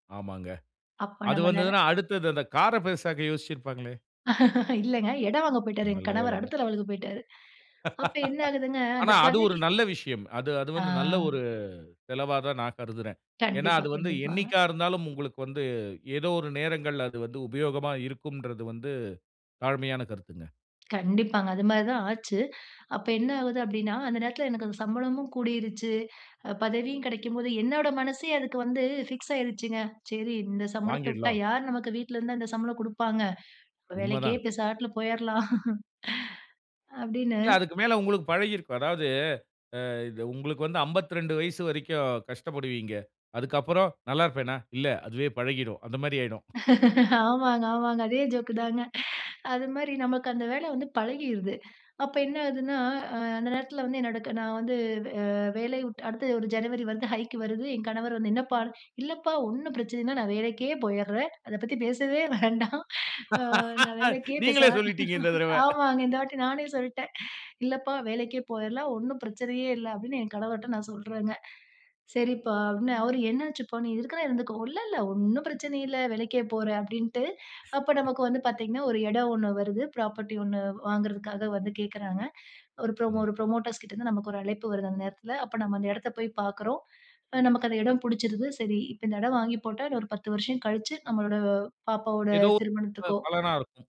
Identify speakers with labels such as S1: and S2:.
S1: ஆமாங்க,
S2: அப்போ
S1: அது
S2: நம்ம நென
S1: வந்ததுனா அடுத்தது அந்த கார பெரிசாக்க யோசிச்சிருப்பாங்களே!
S2: இல்லங்க. இடம் வாங்க போயிட்டாரு எங்க
S1: நல்ல
S2: கணவர்,
S1: வேலைங்க.
S2: அடுத்த லெவலுக்கு போய்ட்டாரு. அப்ப என்ன ஆகுதுங்க, அந்த
S1: ஆனா, அது ஒரு
S2: பதவி
S1: நல்ல விஷயம். அது, அது
S2: ஆ.
S1: வந்து நல்ல ஒரு செலவா தான் நான் கருதுறேன். ஏனா,
S2: கண்டிப்பா,
S1: அது வந்து
S2: கண்டிப்பாங்க.
S1: என்னைக்கா இருந்தாலும், உங்களுக்கு வந்து ஏதோ ஒரு நேரங்கள்ல அது வந்து உபயோகமா இருக்கும்ன்றது வந்து தாழ்மையான கருத்துங்க.
S2: கண்டிப்பாங்க. அதுமாரி தான் ஆச்சு. அப்ப என்ன ஆவுது அப்பிடின்னா, அந்த நேரத்தில எனக்கு அந்த சம்பளமும் கூடிருச்சு, அ பதவியும் கிடைக்கும்போது என்னோட மனசே அதுக்கு வந்து ஃபிக்ஸ் ஆகிருச்சுங்க, சரி, இந்த சம்பளத்த விட்டா,
S1: வாங்கிடலாம்.
S2: யாரு நமக்கு வீட்ல இருந்தா அந்த சம்பளம் குடுப்பாங்க?
S1: உண்ம
S2: வேலைக்கே
S1: தான்.
S2: இப்ப பேசாம போயிர்லாம் அப்பிடின்னு,
S1: இல்ல, அதுக்கு மேல உங்களுக்கு பழகி இருக்கும். அதாவது, அ உங்களுக்கு வந்து 52 வயசு வரைக்கும் கஷ்டப்படுவீங்க. அதுக்கு அப்பறம் நல்லா இருப்பேனா? இல்ல அதுவே பழகிரும். அந்தமாரி ஆயிடும்.
S2: ஆமாங்க, ஆமாங்க. அதே ஜோக்கு தாங்க. அதுமாரி நமக்கு அந்த வேலை வந்து பழகிருது. அப்ப என்ன ஆகுதுன்னா, அ அந்த நேரத்தில வந்து என்னோட க நான் வந்து ஆ வேலையை விட்டு அடுத்து ஒரு ஜனவரி வந்தா, ஹைக்கு வருது. என் கணவர் வந்து, என்னப்பா! இல்லப்பா! ஒன்னும் பிரச்சனைனா, நான் வேலைக்கே போயிர்றேன். அத பத்தி பேசவே வேண்டாம் ஆ நான் வேலைக்கே பேசா
S1: நீங்களே சொல்லிட்டீங்க இந்த தடவ
S2: ஆமாங்க. இந்த வாட்டி நானே சொல்லிடேன், இல்லப்பா வேலைக்கே போயிர்லாம், ஒன்னும் பிரச்சனையே இல்ல, அப்பிடின்னு என் கணவர்ட்ட நான் சொல்றேங்க. சரிப்பா அப்பிடின்னு அவரு என்ன ஆச்சுப்பா! நீ இருக்கணா இருந்துக்கோ. இல்ல, இல்ல ஒன்னும் பிரச்சனை இல்ல. வேலைக்கே போற அப்பிடின்ட்டு, அப்ப நமக்கு வந்து பார்த்தீங்கன்னா, ஒரு இடம் ஒன்னு வருது, பிராப்பர்ட்டி ஒன்னு வாங்குறதற்காக வந்து கேட்கிறாங்க, ஒரு புரோ
S1: ம்.
S2: ஒரு புரமோட்டர்ஸ் கிட்ட இருந்து நமக்கு ஒரு அழைப்பு வருது அந்த நேரத்தில. அப்ப நம்ம அந்த இடத்த போய் பார்க்கிறோம், அ நமக்கு அந்த இடம் புடிச்சிருது, சரி, இப்ப இந்த இடம் வாங்கி போட்டா, இன்னும் ஒரு 10 வருஷம் கழிச்சு, நம்மளோட பாப்பாவோட
S1: ஏதோ [unintelligible]
S2: திருமணத்துக்கோ!
S1: பலனா இருக்கும்.